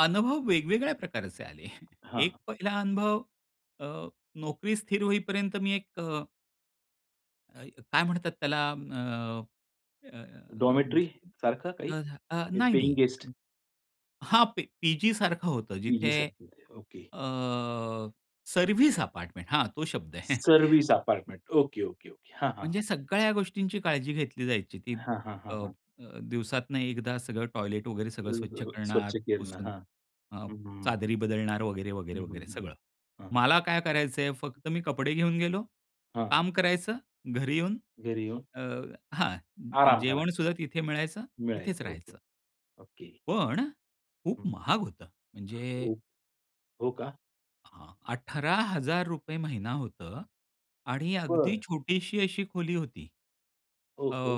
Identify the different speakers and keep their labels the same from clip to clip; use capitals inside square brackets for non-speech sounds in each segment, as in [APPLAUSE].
Speaker 1: अनुभव वेगवेगळ्या प्रकारचे आले. [CHUCKLES] एक
Speaker 2: हां.
Speaker 1: पहिला अनुभव. अ, नोकरी स्थिर होईपर्यंत मी एक अ अ, काय म्हणतात त्याला अ, अ,
Speaker 2: डॉर्मिटरीसारखं काही
Speaker 1: अ,
Speaker 2: का पेंइंग
Speaker 1: नाही-नाही
Speaker 2: गेस्ट?
Speaker 1: हां पी पीजी सारखं होतं जिथे,
Speaker 2: पीजीसारखे होते. ओके.
Speaker 1: अ, सर्व्हिस अपार्टमेंट हां, तो शब्द आहे. [CHUCKLES]
Speaker 2: Service apartment. Okay, okay, okay. हां, हां,
Speaker 1: म्हणजे
Speaker 2: हां.
Speaker 1: सगळ्या गोष्टींची काळजी घेतली जायची ती
Speaker 2: हां, हां,
Speaker 1: अ,
Speaker 2: हां, हां.
Speaker 1: अ, दिवसातनं एकदा सगळं टॉयलेट वगैरे
Speaker 2: अ,
Speaker 1: सगळं स्वच्छ
Speaker 2: व
Speaker 1: करणार
Speaker 2: स्वच्छ करणं,
Speaker 1: पुसून
Speaker 2: हां.
Speaker 1: अ,
Speaker 2: हं, हं.
Speaker 1: चादरी बदलणार वगैरे,
Speaker 2: हं,
Speaker 1: वगैरे,
Speaker 2: हं,
Speaker 1: वगैरे
Speaker 2: हं, हं,
Speaker 1: सगळं.
Speaker 2: हां.
Speaker 1: मला काय करायचंय फक्त मी कपडे घेऊन गेलो.
Speaker 2: हां.
Speaker 1: काम करायचं घरी येऊन
Speaker 2: घरी येऊन.
Speaker 1: अ, हां,
Speaker 2: आराम
Speaker 1: जेवण सुद्धा
Speaker 2: करायचा.
Speaker 1: तिथे मिळायचं, तिथेच
Speaker 2: मिळायचं ओके.
Speaker 1: राहायचं.
Speaker 2: ओके.
Speaker 1: पण खूप
Speaker 2: हं, हं.
Speaker 1: महाग होतं. म्हणजे
Speaker 2: हो, हो का?
Speaker 1: हां, ₹18,000 महिना होतं. आणि अगदी
Speaker 2: बरं.
Speaker 1: छोटीशी अशी खोली होती.
Speaker 2: ओ
Speaker 1: अ,
Speaker 2: हो.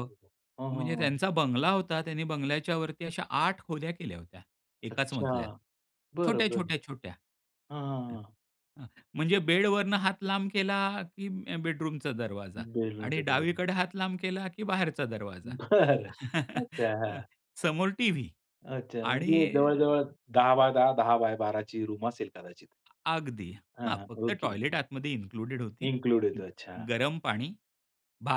Speaker 2: हां, हां,
Speaker 1: म्हणजे
Speaker 2: हां.
Speaker 1: त्यांचा बंगला होता. त्यांनी बंगल्याच्यावरती अशा 8 खोल्या केल्या होत्या. एकाच मजल्यात.
Speaker 2: अच्छा. बरं,
Speaker 1: छोट्या,
Speaker 2: बरं.
Speaker 1: छोट्या, छोट्या.
Speaker 2: हां, हां,
Speaker 1: हं.
Speaker 2: हां.
Speaker 1: हं, म्हणजे बेडवरून हात लांब केला की अ, बेडरूमचा दरवाजा. आणि
Speaker 2: बेडरूमचा दरवाजा.
Speaker 1: डावीकडे हात लांब केला की बाहेरचा दरवाजा.
Speaker 2: बरं.
Speaker 1: [CHUCKLES]
Speaker 2: अच्छा.
Speaker 1: हं,
Speaker 2: हां.
Speaker 1: समोर टीव्ही.
Speaker 2: अच्छा. म्हणजे
Speaker 1: आणि
Speaker 2: जवळ-जवळ 10*10 10*12 ची रूम असेल कदाचित.
Speaker 1: अगदी.
Speaker 2: हां,
Speaker 1: हां,
Speaker 2: हां.
Speaker 1: फक्त
Speaker 2: ओके,
Speaker 1: टॉयलेट
Speaker 2: ओके.
Speaker 1: आतमध्ये इन्क्लुडेड होती.
Speaker 2: इन्क्लूडये
Speaker 1: हं
Speaker 2: तो. अच्छा.
Speaker 1: गरम पाणी,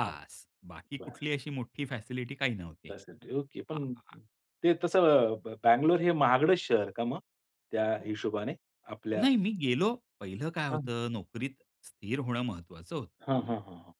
Speaker 2: हां.
Speaker 1: बाकी
Speaker 2: बरं.
Speaker 1: कुठली अशी मोठी फॅसिलिटी काही नव्हती.
Speaker 2: तसे ते. ओके.
Speaker 1: हां,
Speaker 2: पण,
Speaker 1: हां.
Speaker 2: ते तसं ब बंगलोर हे महागडं शहर का मग? त्या हिशोबाने आपल्या
Speaker 1: नाही, मी गेलो. पहिलं काय
Speaker 2: हां, हां.
Speaker 1: होतं नोकरीत स्थिर होणं महत्त्वाचं होतं.
Speaker 2: हां, हां, हां, हां.